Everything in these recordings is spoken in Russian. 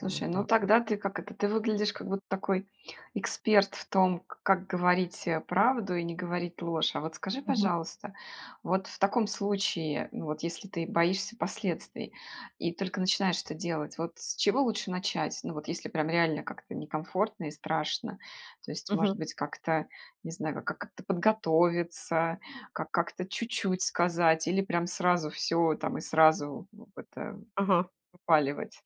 Вот ну, так вот. тогда ты как это? Ты выглядишь, как будто такой эксперт в том, к как говорить, э, правду и не говорить ложь. А вот скажи, Мгм. пожалуйста, вот в таком случае, ну, вот, если ты боишься последствий и только начинаешь это делать, вот с чего лучше начать? Ну, вот если прям реально как-то некомфортно и страшно. То есть, может Мгм. быть, как-то, не знаю, ка как-то подготовиться, ка как-то чуть-чуть сказать или прям сразу всё там и сразу в это Ага. выпаливать?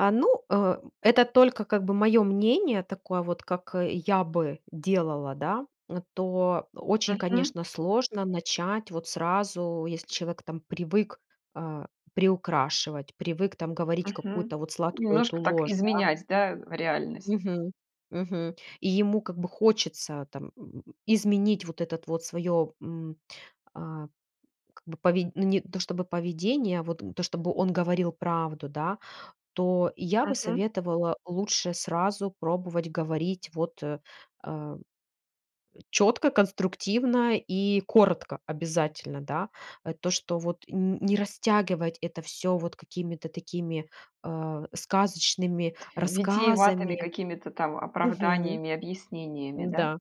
А, ну, э, это только, как бы, моё мнение. Такое вот, как, э, я бы делала, да. Н то очень, Мгм. конечно, сложно начать вот сразу, если человек там привык, а, приукрашивать, привык там говорить Мгм. какую-то вот сладкую эту Немножко так ложь, да. изменять, да, реальность? Мгм мгм. И ему, как бы, хочется там, м, изменить вот этот вот своё, м, а, как бы, поведь ну, не то чтобы поведение, вот, м, то, чтобы он говорил правду, да. То я бы Мгм. советовала лучше сразу пробовать говорить вот, э, чётко, конструктивно и коротко обязательно, да. Э, то, что вот, н не растягивать это всё вот какими-то такими, э, сказочными Т витиеватыми рассказами какими-то там Мгм. оправданиями, объяснениями, да? М-да,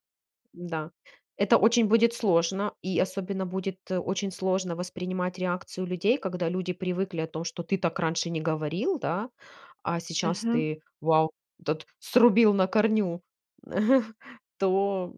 м-да, это очень будет сложно, и особенно будет, э, очень сложно воспринимать реакцию людей, когда люди привыкли о том, что ты так раньше не говорил, да, а сейчас Мгм. ты, вау, тот срубил на корню, то